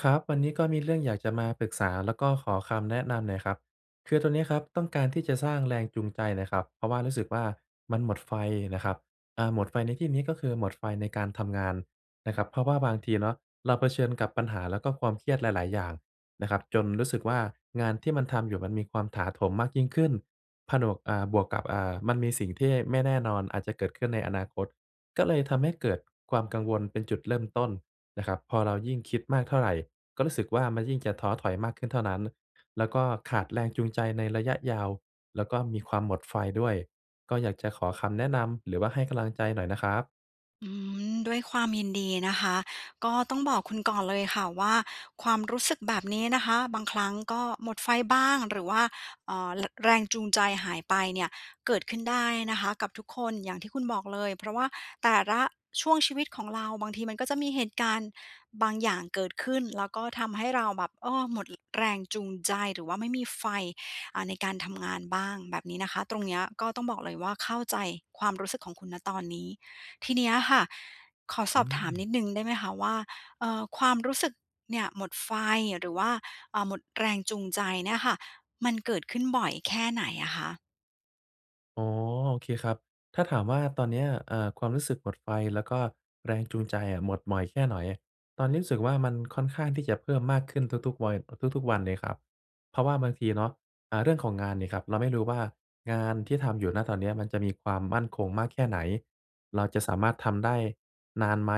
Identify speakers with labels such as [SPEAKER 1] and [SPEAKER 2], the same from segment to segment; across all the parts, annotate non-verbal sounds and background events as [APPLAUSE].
[SPEAKER 1] ครับ วันนี้ก็มีเรื่องอยากจะมาปรึกษา แล้วก็ขอคำแนะนำหน่อยครับ คือตอนเนี้ยครับ ต้องการที่จะสร้างแรงจูงใจหน่อยครับ เพราะว่ารู้สึกว่า มันหมดไฟนะครับ อ่า หมดไฟในที่นี้ก็คือ หมดไฟในการทำงานนะครับ เพราะว่าบางทีเนาะเราเผชิญกับปัญหา แล้วก็ความเครียดหลาย ๆ อย่างนะครับ จนรู้สึกว่า งานที่มันทำอยู่ มันมีความถาโถมมากยิ่งขึ้น ผนวก อ่า บวกกับ อ่า มันมีสิ่งที่ไม่แน่นอนอาจจะเกิดขึ้นในอนาคต ก็เลยทำให้เกิดความกังวลเป็นจุดเริ่มต้นนะครับ พอเรายิ่งคิดมากเท่าไร ก็รู้สึกว่า มันยิ่งจะท้อถอยมากขึ้นเท่านั้น แล้วก็ขาดแรงจูงใจในระยะยาว แล้วก็มีความหมดไฟด้วย ก็อยากจะขอคำแนะนำ หรือว่าให้กำลังใจหน่อยนะครับ
[SPEAKER 2] อืม ด้วยความยินดีนะคะ ก็ต้องบอกคุณก่อนเลยค่ะว่า ความรู้สึกแบบนี้นะคะ บางครั้งก็หมดไฟบ้าง หรือว่า เอ่อ ร แรงจูงใจหายไปเนี่ย เกิดขึ้นได้นะคะกับทุกคน อย่างที่คุณบอกเลย เพราะว่าแต่ละช่วงชีวิตของเรา บางทีมันก็จะมีเหตุการณ์บางอย่างเกิดขึ้น แล้ว [SMACKS LIPS] ก็ทำให้เราแบบ เออ หมด อ แรงจูงใจ หรือว่าไม่มีไฟ อ่า ในการทำงานบ้าง แบบนี้นะคะ ตรงเนี้ยก็ต้องบอกเลยว่า เข้าใจความรู้สึกของคุณ ณ ตอนนี้ ทีเนี้ยค่ะ ขอส
[SPEAKER 1] อ
[SPEAKER 2] อ
[SPEAKER 1] ื
[SPEAKER 2] บถามน
[SPEAKER 1] ม
[SPEAKER 2] ิดหนึ่งได้ไหมคะว่า เอ่อ ความรู้สึกเนี่ย หมดไฟ หรือว่า เอ่อ หมดแรงจูงใจเนี่ยค่ะ มันเกิดขึ้นบ่อยแค่ไหนอะคะ?
[SPEAKER 1] อ๋อ โอเคครับ ถ้าถามว่าตอนเนี้ย เอ่อ ความรู้สึกหมดไฟแล้วก็แรงจูงใจอะหมดบ่อยแค่ไหน ตอนนี้รู้สึกว่า มันค่อนข้างที่จะเพิ่มมากขึ้นทุก ๆ ไว ทุก ๆ วันเลยครับ เพราะว่าบางทีเนาะ อ่า เรื่องของงานนี่ครับ เราไม่รู้ว่างานที่ทำอยู่ ณ ตอนเนี้ย มันจะมีความมั่นคงมากแค่ไหน เราจะสามารถทำได้นานไหม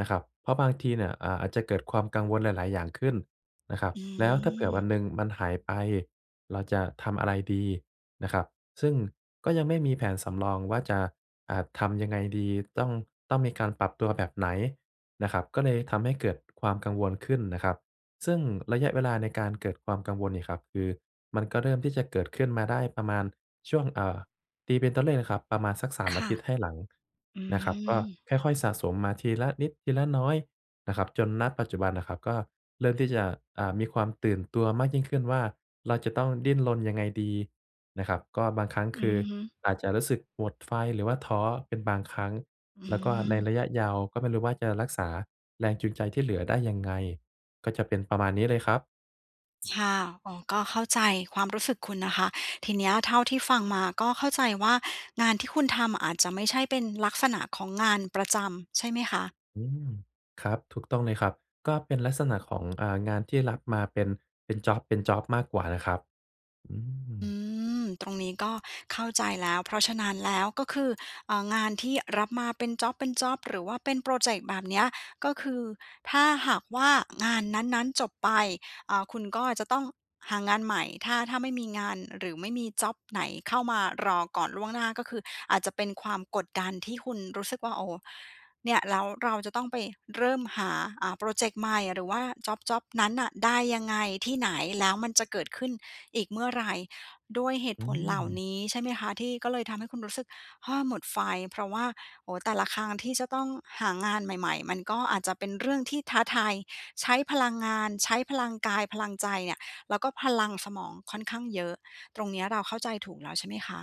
[SPEAKER 1] นะครับ เพราะบางทีเนี่ย อ่า อาจจะเกิดความกังวลหลาย ๆ อย่างขึ้นนะครับ
[SPEAKER 2] อื
[SPEAKER 1] แล้วถ้าเผื่อ
[SPEAKER 2] ม
[SPEAKER 1] วันหนึ่งมันหายไป เราจะทำอะไรดีนะครับ ซึ่งก็ยังไม่มีแผนสำรองว่าจะ อ่า ทำยังไงดี ต้อง ต้องมีการปรับตัวแบบไหนนะครับ ก็เลยทำให้เกิดความกังวลขึ้นนะครับ ซึ่งระยะเวลาในการเกิดความกังวลเนี่ยครับ คือมันก็เริ่มที่จะเกิดขึ้นมาได้ประมาณช่วง อ่า ตีเป็นตัวเลขนะครับประมาณสัก 3
[SPEAKER 2] ค
[SPEAKER 1] อา
[SPEAKER 2] ่ะ
[SPEAKER 1] ทิตย์ให้หลัง
[SPEAKER 2] อื
[SPEAKER 1] นะครับ ก็
[SPEAKER 2] ม
[SPEAKER 1] ค่อย ๆ สะสมมาทีละนิดทีละน้อยนะครับ จน ณ ปัจจุบันน่ะครับก็เริ่มที่จะ อ่า มีความตื่นตัวมากยิ่งขึ้นว่า เราจะต้องดิ้นรนยังไงดีนะครับ ก็บางครั้ง
[SPEAKER 2] อื
[SPEAKER 1] คื
[SPEAKER 2] อ
[SPEAKER 1] อ
[SPEAKER 2] ฮึ
[SPEAKER 1] อาจจะรู้สึกหมดไฟ หรือว่าท้อเป็นบางครั้ง
[SPEAKER 2] อื
[SPEAKER 1] แล้วก็ใน
[SPEAKER 2] ม
[SPEAKER 1] ระยะยาวก็ไม่รู้ว่าจะรักษาแรงจูงใจที่เหลือได้ยังไง ก็จะเป็นประมาณนี้เลยครับ
[SPEAKER 2] ชา อ๋อ ก็เข้าใจความรู้สึกคุณนะคะ ทีเนี้ยเท่าที่ฟังมาก็เข้าใจว่า งานที่คุณทำ อาจจะไม่ใช่เป็นลักษณะของงานประจำใช่ไหมคะ?
[SPEAKER 1] อืม ครับ ถูกต้องเลยครับ ก็เป็นลักษณะของ เอ่อ งานที่รับมาเป็น เป็นจ็อบ เป็นจ็อบมากกว่านะครับ อื
[SPEAKER 2] อื
[SPEAKER 1] ม
[SPEAKER 2] ม ตรงนี้ก็เข้าใจแล้ว เพราะฉะนั้นแล้ว ก็คือ เอ่อ งานที่รับมาเป็นจ็อบ เป็นจ็อบ หรือว่าเป็นพรอเจกต์แบบเนี้ย ก็คือถ้าหากว่างานนั้น ๆ จบไป อ่า คุณก็อาจจะต้องหางานใหม่ ถ้า ถ้าไม่มีงาน หรือไม่มีจ็อบไหนเข้ามารอก่อนล่วงหน้า ก็คืออาจจะเป็นความกดดัน ที่คุณรู้สึกว่า โอ้ เนี่ยแล้วเราจะต้องไปเริ่มหา อ่า พรอเจกต์ใหม่ หรือว่าจ็อบ จ็อบนั้นน่ะได้ยังไง? ที่ไหน? แล้วมันจะเกิดขึ้นอีกเมื่อไร? ด้วยเหตุ
[SPEAKER 1] อื
[SPEAKER 2] ผลเหล่า
[SPEAKER 1] ม
[SPEAKER 2] นี้ ใช่ไหมคะ ที่ก็เลยทำให้คุณรู้สึก เฮ้อ หมดไฟ? เพราะว่า โอ้ แต่ละครั้งที่จะต้องหางานใหม่ ๆ มันก็อาจจะเป็นเรื่องที่ท้าทาย ใช้พลังงาน ใช้พลังกาย พลังใจเนี่ย แล้วก็พลังสมองค่อนข้างเยอะ ตรงเนี้ยเราเข้าใจถูกแล้วใช่ไหมคะ?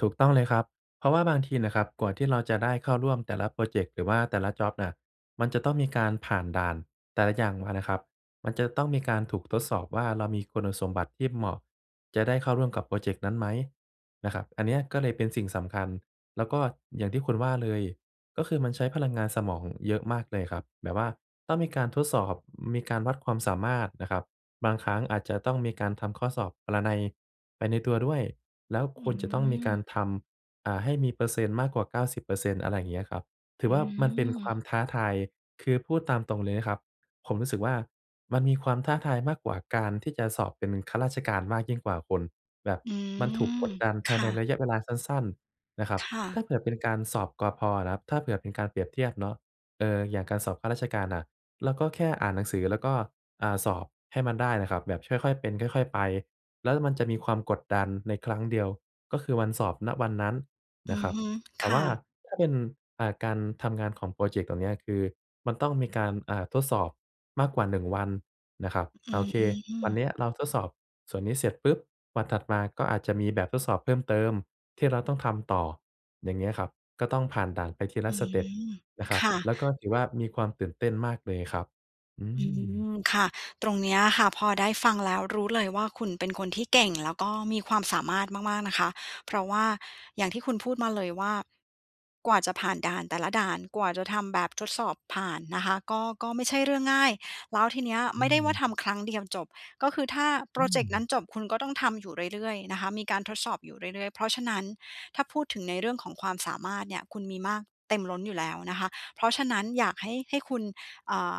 [SPEAKER 1] ถูกต้องเลยครับ เพราะว่าบางทีน่ะครับกว่าที่เราจะได้เข้าร่วมแต่ละพรอเจกต์ หรือว่าแต่ละจ็อบน่ะ มันจะต้องมีการผ่านด่านแต่ละอย่างมาน่ะครับ มันจะต้องมีการถูกทดสอบว่า เรามีคุณสมบัติที่เหมาะ จะได้เข้าร่วมกับพรอเจกต์นั้นไหมนะครับ อันเนี้ยก็เลยเป็นสิ่งสำคัญ แล้วก็อย่างที่คุณว่าเลย ก็คือมันใช้พลังงานสมอง อ เยอะมากเลยครับ แบบว่าต้องมีการทดสอบ ม มีการวัดความสามารถนะครับ บางครั้งอาจจะต้องมีการทำข้อสอบปรนัย ไปในตัวด้วย แล้ว
[SPEAKER 2] อ
[SPEAKER 1] ค
[SPEAKER 2] ื
[SPEAKER 1] วรจะต้องมีก
[SPEAKER 2] ม
[SPEAKER 1] ารทำ อ่า ให้มีเปอร์เซ็นต์มากกว่า 90% อะไรเงี้ยครับ ถื
[SPEAKER 2] อื
[SPEAKER 1] อว่ามันเป็นควา
[SPEAKER 2] ม
[SPEAKER 1] มท้าทาย คือพูดตามตรงเลยนะครับ ผมรู้สึกว่า มันมีความท้าทายมากกว่าการที่จะสอบเป็นข้าราชการมากยิ่งกว่าคุณ แบบ
[SPEAKER 2] อื
[SPEAKER 1] มันถูก
[SPEAKER 2] ม
[SPEAKER 1] กดดันภ
[SPEAKER 2] ค
[SPEAKER 1] าย
[SPEAKER 2] ่
[SPEAKER 1] ใน
[SPEAKER 2] ะ
[SPEAKER 1] ระยะเวลาสั้น ๆ นะครับ
[SPEAKER 2] ค่ะ
[SPEAKER 1] ถ้าเกิดเป็นการสอบ ก.พ. นะครับ ถ้าเผื่อเป็นการเปรียบเทียบเนาะ เอ่อ อย่างการสอบข้าราชการน่ะ เราก็แค่อ่านหนังสือ แล้วก็ อ่า สอบให้มันได้นะครับ แบบ ช ค่อย ๆ เป็น ค่อย ๆ ไป แล้วมันจะมีความกดดันในครั้งเดียว ก็คือวันสอบ ณ วันนั้น
[SPEAKER 2] อ
[SPEAKER 1] น
[SPEAKER 2] ื
[SPEAKER 1] ะ
[SPEAKER 2] อ
[SPEAKER 1] ครับ
[SPEAKER 2] ฮึ
[SPEAKER 1] แต
[SPEAKER 2] ค
[SPEAKER 1] ่ว
[SPEAKER 2] ่
[SPEAKER 1] ่า
[SPEAKER 2] ะ
[SPEAKER 1] ถ้าเป็น อ่า การทำงานของพรอเจกต์เหล่าเนี้ย คือมันต้องมีการ อา ทดสอบ มากกว่าหนึ่งวันนะครับ
[SPEAKER 2] อ
[SPEAKER 1] อ
[SPEAKER 2] ื
[SPEAKER 1] า โอเค วัน
[SPEAKER 2] ม
[SPEAKER 1] เนี้ยเราทดสอบส่วนนี้เสร็จปุ๊บ วันถัดมาก็อาจจะมีแบบทดสอบเพิ่มเติมที่เราต้องทำต่อ อย่างเงี้ยครับ ก็ต้องผ่านด่านไปทีล
[SPEAKER 2] อื
[SPEAKER 1] ะสเต็ป
[SPEAKER 2] ม
[SPEAKER 1] นะค
[SPEAKER 2] ค
[SPEAKER 1] รับ
[SPEAKER 2] ่ะ
[SPEAKER 1] แล้วก็ถือว่ามีความตื่นเต้นมากเลยครับ อื
[SPEAKER 2] อื
[SPEAKER 1] ม
[SPEAKER 2] ม ค่ะ ตรงเนี้ยค่ะ พอได้ฟังแล้วรู้เลยว่า คุณเป็นคนที่ เก่งแล้วก็มีความสามารถมาก ๆ นะคะ เพราะว่าอย่างที่คุณพูดมาเลยว่า กว่าจะผ่านด่านแต่ละด่าน กว่าจะทำแบบทดสอบผ่านนะคะ ก็ ก็ไม่ใช่เรื่องง่าย แล้วทีเนี้ย
[SPEAKER 1] อ
[SPEAKER 2] ไ
[SPEAKER 1] ื
[SPEAKER 2] ม่ได้ว่า
[SPEAKER 1] ม
[SPEAKER 2] ทำครั้งเดียวจบ ก็คือถ้าพ
[SPEAKER 1] อ
[SPEAKER 2] ร
[SPEAKER 1] ื
[SPEAKER 2] อเจกต์นั้น
[SPEAKER 1] ม
[SPEAKER 2] จบ คุณก็ต้องทำอยู่เรื่อย ๆ นะคะ มีการทดสอบอยู่เรื่อย ๆ เพราะฉะนั้น ถ้าพูดถึงในเรื่องของความสามารถเนี่ย คุณมีมากเต็มล้นอยู่แล้วนะคะ เพราะฉะนั้นอยากให้ ให้คุณ เอ่อ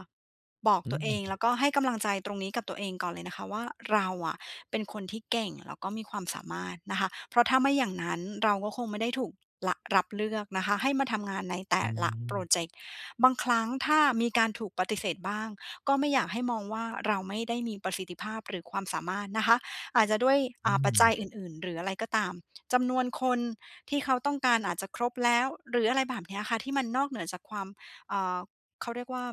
[SPEAKER 2] บอก
[SPEAKER 1] อ
[SPEAKER 2] ตัวเอ
[SPEAKER 1] ื
[SPEAKER 2] ง แล
[SPEAKER 1] ม
[SPEAKER 2] ้วก็ให้กำลังใจตรงนี้ กับตัวเองก่อนเลยนะคะว่า "เราอะเป็นคนที่เก่ง แล้วก็มีความสามารถ" นะคะ เพราะถ้าไม่อย่างนั้นเราก็คงไม่ได้ถูก ร รับเลือกนะคะ ให้มาทำงานในแต
[SPEAKER 1] อ
[SPEAKER 2] ่
[SPEAKER 1] ื
[SPEAKER 2] ละพรอ
[SPEAKER 1] ม
[SPEAKER 2] เจกต์ บางครั้งถ้ามีการถูกปฏิเสธบ้าง ก็ไม่อยากให้มองว่า "เราไม่ได้มีประสิทธิภาพ หรือความสามารถ" นะคะ อาจจะด้วย
[SPEAKER 1] อ
[SPEAKER 2] อ
[SPEAKER 1] ื
[SPEAKER 2] ่า ปัจจัย
[SPEAKER 1] ม
[SPEAKER 2] อื่น ๆ หรืออะไรก็ตาม จำนวนคนที่เขาต้องการอาจจะครบแล้ว หรืออะไรแบบเนี้ยค่ะ ที่มันนอกเหนือจากความ อ่า เขาเรียกว่า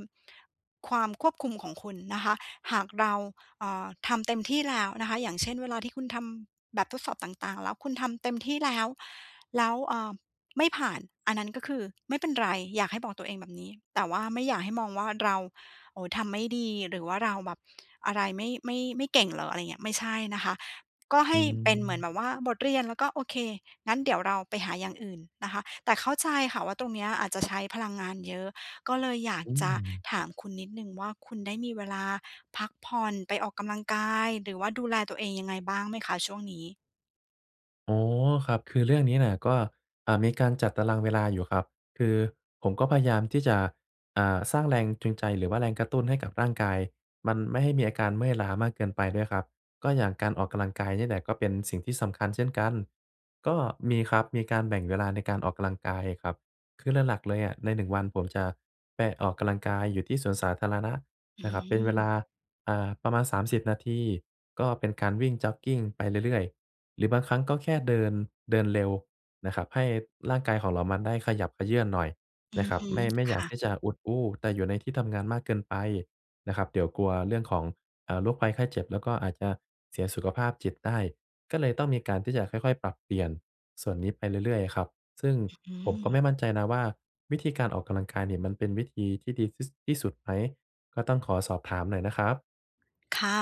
[SPEAKER 2] ความควบคุมของคุณนะคะ หากเรา เอ่อ ทำเต็มที่แล้วนะคะ อย่างเช่น เวลาที่คุณทำแบบทดสอบต่าง ๆ แล้ว คุณทำเต็มที่แล้ว แล้ว เอ่อ ไม่ผ่าน อันนั้นก็คือ ไม่เป็นไร อยากให้บอกตัวเองแบบนี้ แต่ว่าไม่อยากให้มองว่าเรา "โอ้โฮ ทำไม่ดี หรือว่าเราแบบ อะไร ไม่ ไม่ ไม่เก่งเหรอ?" อะไรอย่างเงี้ย ไม่ใช่นะคะ ก็ให
[SPEAKER 1] อื
[SPEAKER 2] ้เป็นเหมือน
[SPEAKER 1] ม
[SPEAKER 2] แบบว่าบทเรียน แล้วก็ โอเค งั้นเดี๋ยวเราไปหาอย่างอื่น นะคะ แต่เข้าใจค่ะว่า ตรงเนี้ยอาจจะ ใช้พลังงานเยอะ ก็เลยอยาก
[SPEAKER 1] อื
[SPEAKER 2] จะ
[SPEAKER 1] ม
[SPEAKER 2] ถามคุณนิดหนึ่งว่า คุณได้มีเวลาพักผ่อน ไปออกกำลังกาย หรือว่าดูแลตัวเองยังไงบ้างไหมคะช่วงนี้?
[SPEAKER 1] อ๋อ ครับ คือเรื่องนี้น่ะก็ อ่า มีการจัดตารางเวลาอยู่ครับ คือผมก็พยายามที่จะ อ่า สร้างแรงจูงใจ หรือว่าแรงกระตุ้นให้กับร่างกาย มันไม่ให้มีอาการเมื่อยล้ามากเกินไปด้วยครับ ก็อย่างการออกกำลังกายเนี่ยแหละ ก็เป็นสิ่งที่สำคัญเช่นกัน ก็มีครับ มีการแบ่งเวลาในการออกกำลังกายครับ คือหลัก ๆ เลยอะใน 1 วัน ผมจะไปออกกำลังกายอยู่ที่สวนสาธารณะ
[SPEAKER 2] อื
[SPEAKER 1] นะครับ เป็นเว
[SPEAKER 2] ม
[SPEAKER 1] ลา อ่า ประมาณ 30 นาที ก็เป็นการวิ่งจ็อกกิงไปเรื่อย ๆ หรือบางครั้งก็แค่เดิน เดินเร็วนะครับ ให้ร่างกายของเรา มันได้ขยับเขยื้อนหน่อย
[SPEAKER 2] อ
[SPEAKER 1] น
[SPEAKER 2] ื
[SPEAKER 1] ะ
[SPEAKER 2] อ
[SPEAKER 1] ครั
[SPEAKER 2] ฮ
[SPEAKER 1] บ
[SPEAKER 2] ึ
[SPEAKER 1] ไม่ ไม่
[SPEAKER 2] ค
[SPEAKER 1] อยา
[SPEAKER 2] ่
[SPEAKER 1] กท
[SPEAKER 2] ะ
[SPEAKER 1] ี่จะอุดอู้แต่อยู่ในที่ทำงานมากเกินไปนะครับ เดี๋ยวกลัวเรื่องของ อ่า โรคภัยไข้เจ็บ แล้วก็อาจจะเสียสุขภาพจิตได้ ก็เลยต้องมีการที่จะค่อย ๆ ปรับเปลี่ยนส่วนนี้ไปเรื่อย ๆ ครับ ซึ่ง
[SPEAKER 2] อ อื
[SPEAKER 1] ผมก็
[SPEAKER 2] ม
[SPEAKER 1] ไม่มั่นใจนะว่า วิธีการออกกำลังกายเนี่ย มันเป็นวิธีที่ดีที่ ส ที่สุดไหม? ก็ต้องขอสอบถามหน่อยนะครับ
[SPEAKER 2] ค่ะ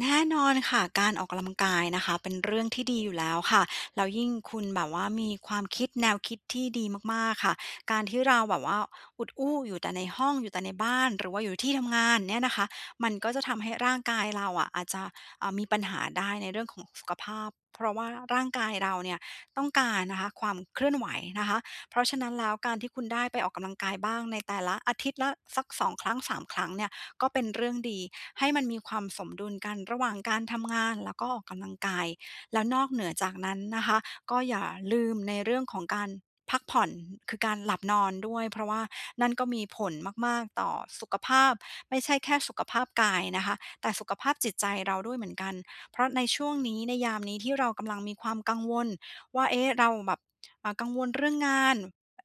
[SPEAKER 2] แน่นอนค่ะ การออกกำลังกายนะคะเป็นเรื่องที่ดีอยู่แล้วค่ะ แล้วยิ่งคุณแบบว่ามีความคิด แนวคิดที่ดีมาก ๆ ค่ะ การที่เราแบบว่าอุดอู้อยู่แต่ในห้อง อยู่แต่ในบ้าน หรือว่าอยู่ที่ทำงานเนี่ยนะคะ มันก็จะทำให้ร่างกายเราอะ อาจจะ อ่า มีปัญหาได้ ในเรื่องของสุขภาพ เพราะว่าร่างกายเราเนี่ยต้องการนะคะ ความเคลื่อนไหวนะคะ เพราะฉะนั้นแล้วการที่คุณได้ไปออกกำลังกายบ้าง ในแต่ละ อาทิตย์ละสัก 2 ครั้ง 3 ครั้งเนี่ย ก็เป็นเรื่องดี ให้มันมีความสมดุลกันระหว่างการทำงาน แล้วก็ออกกำลังกาย แล้วนอกเหนือจากนั้นนะคะ ก็อย่าลืมในเรื่องของการพักผ่อน คือการหลับนอนด้วย เพราะว่านั่นก็มีผลมาก ๆ ต่อสุขภาพ ไม่ใช่แค่สุขภาพกายนะคะ แต่สุขภาพจิตใจเราด้วยเหมือนกัน เพราะในช่วงนี้ ในยามนี้ที่เรากำลังมีความกังวลว่า เอ๊ะ เราแบบ อ่า กังวลเรื่องงาน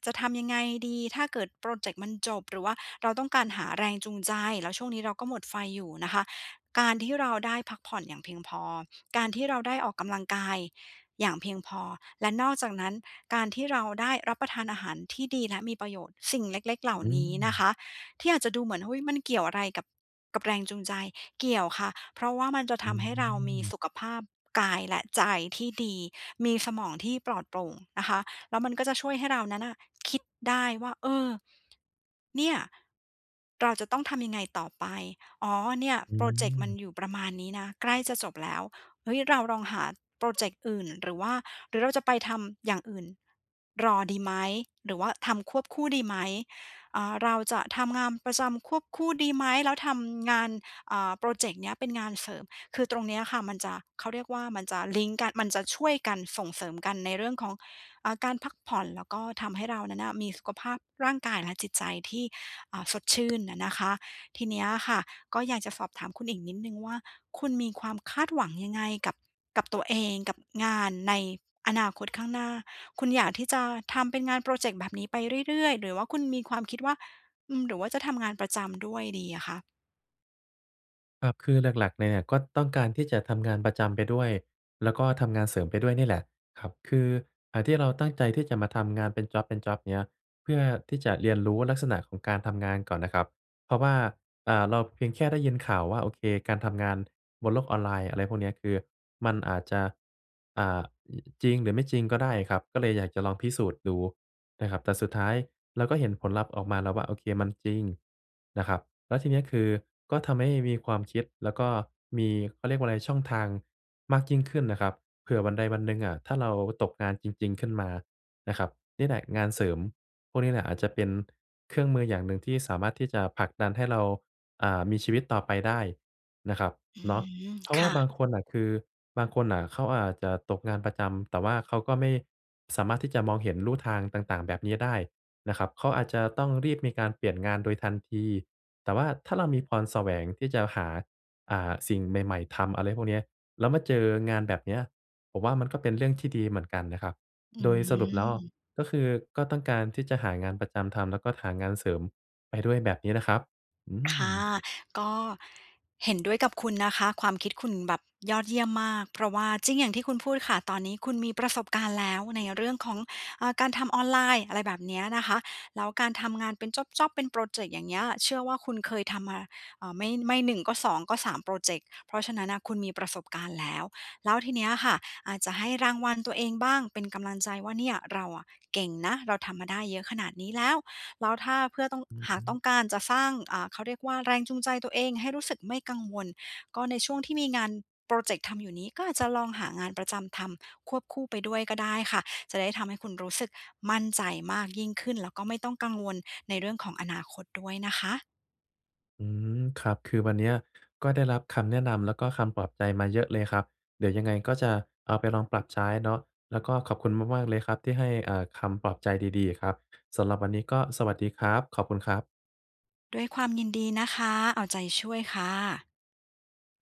[SPEAKER 2] จะทำยังไงดีถ้าเกิดพรอเจกต์มันจบ? หรือว่าเราต้องการหาแรงจูงใจ แล้วช่วงนี้เราก็หมดไฟอยู่นะคะ การที่เราได้พักผ่อนอย่างเพียงพอ การที่เราได้ออกกำลังกายอย่างเพียงพอ และนอกจากนั้นการที่เราได้รับประทานอาหารที่ดี และมีประโยชน์ สิ่งเล็ก ๆ เหล่า
[SPEAKER 1] อื
[SPEAKER 2] นี้นะค
[SPEAKER 1] ม
[SPEAKER 2] ะ ที่อาจจะดูเหมือน อุ๊ย มันเกี่ยวอะไรกับ กับแรงจูงใจ? เกี่ยวค่ะ เพราะว่ามันจะ
[SPEAKER 1] อ
[SPEAKER 2] ท
[SPEAKER 1] ื
[SPEAKER 2] ำให้เรามีส
[SPEAKER 1] ม
[SPEAKER 2] ุขภาพกาย และใจที่ดี มีสมองที่ปลอดโปร่งนะคะ แล้วมันก็จะช่วยให้เรานั้นน่ะคิดได้ว่า เออ เนี่ย เราจะต้องทำยังไงต่อไป อ๋อ เนี่ย
[SPEAKER 1] อ
[SPEAKER 2] พรอเจกต์มัน
[SPEAKER 1] ืม
[SPEAKER 2] อยู่ประมาณนี้นะ ใกล้จะจบแล้ว เฮ้ย เราลองหาพรอเจกต์อื่น หรือว่า หรือเราจะไปทำอย่างอื่นรอดีไหม? หรือว่าทำควบคู่ดีไหม? อ่า เราจะทำงามประจำควบคู่ดีไหม? แล้วทำงาน อ่า พรอเจกต์เนี้ยเป็นงานเสริม คือตรงเนี้ยค่ะมันจะ เขาเรียกว่า มันจะลิงก์กัน มันจะช่วยกัน ส่งเสริมกันในเรื่องของ อ่า การพักผ่อน แล้วก็ทำให้เรานั้นน่ะ มีสุขภาพร่างกายและจิตใจที่ อ่า สดชื่นอะนะคะ ทีเนี้ยค่ะ ก็อยากจะสอบถามคุณอีกนิดหนึ่งว่า คุณมีความคาดหวังยังไงกับ กับตัวเอง? กับงานในอนาคตข้างหน้า? คุณอยากที่จะทำเป็นงานพรอเจกต์แบบนี้ไปเรื่อย ๆ? หรือว่าคุณมีความคิดว่า อืม หรือว่าจะทำงานประจำด้วยดีอะคะ?
[SPEAKER 1] เออ คือหลัก ๆ เลยเนี่ยก็ต้องการที่จะทำงานประจำไปด้วย แล้วก็ทำงานเสริมไปด้วยนี่แหละครับ คือ อ่า ที่เราตั้งใจที่จะมาทำงานเป็นจ็อบ ๆ เงี้ย เพื่อที่จะเรียนรู้ลักษณะของการทำงานก่อนน่ะครับ เพราะว่า อ่า เราเพียงแค่ได้ยินข่าวว่า โอเค การทำงานบนโลกออนไลน์ อะไรพวกเนี้ย คือมันอาจจะ อ่า จริงหรือไม่จริงก็ได้ครับ ก็เลยอยากจะลองพิสูจน์ดูนะครับ แต่สุดท้ายเราก็เห็นผลลัพธ์ออกมาแล้วว่า โอเค มันจริงนะครับ แล้วทีเนี้ยคือก็ทำให้มีความคิด แล้วก็มี เขาเรียกว่าไร ช่องทางมากยิ่งขึ้นนะครับ เผื่อวันใดวันหนึ่งอะถ้าเราตกงานจริง ๆ ขึ้นมานะครับ นี่แหละ งานเสริมพวกนี้แหละอาจจะเป็นเครื่องมืออย่างหนึ่งที่สามารถที่จะผลักดันให้เรา อ่า มีชีวิตต่อไปได้นะครับ
[SPEAKER 2] อื
[SPEAKER 1] เนาะ
[SPEAKER 2] ม
[SPEAKER 1] เพราะ
[SPEAKER 2] ค
[SPEAKER 1] ว่า
[SPEAKER 2] ่
[SPEAKER 1] บา
[SPEAKER 2] ะ
[SPEAKER 1] งคนน่ะคือ บางคนน่ะเขาอาจจะตกงานประจำ แต่ว่าเขาก็ไม่สามารถที่จะมองเห็นลู่ทางต่าง ๆ แบบนี้ได้นะครับ เขาอาจจะต้องรีบมีการเปลี่ยนงานโดยทันที แต่ว่าถ้าเรามีพรแสวงที่จะหา อ่า สิ่งใหม่ ๆ ทำ อะไรพวกเนี้ย แล้วมาเจองานแบบเนี้ย ผมว่า มันก็เป็นเรื่องที่ดีเหมือนกันนะครับ
[SPEAKER 2] อื
[SPEAKER 1] โดยสรุปแล้วอะ
[SPEAKER 2] ม
[SPEAKER 1] ก็คือ ก็ต้องการที่จะหางานประจำทำแล้วก็หางานเสริมไปด้วย แบบนี้นะครับ อื
[SPEAKER 2] ค่
[SPEAKER 1] ม
[SPEAKER 2] ะ ก็ เห็นด้วยกับคุณนะคะ ความคิดคุณแบบยอดเยี่ยมมาก เพราะว่าจริงอย่างที่คุณพูดค่ะ ตอนนี้คุณมีประสบการณ์แล้วในเรื่องของ อ่า การทำออนไลน์ อะไรแบบเนี้ยนะคะ แล้วการทำงานเป็นจ็อบ ๆ เป็นพรอเจกต์ อย่างเงี้ย เชื่อว่า คุณเคยทำมา เอ่อ ไม่ ไม่ 1 ก็ 2 ก็ 3 พรอเจกต์ เพราะฉะนั้นน่ะ คุณมีประสบการณ์แล้ว แล้วทีเนี้ยค่ะอาจจะให้รางวัลตัวเองบ้างเป็นกำลังใจว่า "เนี่ย เราอะเก่งนะ เราทำมาได้เยอะขนาดนี้แล้ว" แล้วถ้าเพื่อต้อง
[SPEAKER 1] อือ
[SPEAKER 2] หา
[SPEAKER 1] ฮ
[SPEAKER 2] กต้
[SPEAKER 1] ึ
[SPEAKER 2] องการจะสร้าง อ่า เขาเรียกว่า แรงจูงใจตัวเองให้รู้สึกไม่กังวล ก็ในช่วงที่มีงานพรอเจกต์ทำอยู่นี้ ก็อาจจะลองหางานประจำทำควบคู่ไปด้วยก็ได้ค่ะ จะได้ทำให้คุณรู้สึกมั่นใจมากยิ่งขึ้น แล้วก็ไม่ต้องกังวลในเรื่องของอนาคตด้วยนะคะ
[SPEAKER 1] อืม ครับ คือวันเนี้ย ก็ได้รับคำแนะนำแล้วก็คำปลอบใจมาเยอะเลยครับ เดี๋ยวยังไงก็จะเอาไปลองปรับใช้เนาะ แล้วก็ขอบคุณมาก ๆ เลยครับที่ให้ อ่า คำปลอบใจดี ๆ อะครับ สำหรับวันนี้ก็สวัสดีครับ ขอบคุณครับ
[SPEAKER 2] ด้วยความยินดีนะคะ เอาใจช่วยค่ะ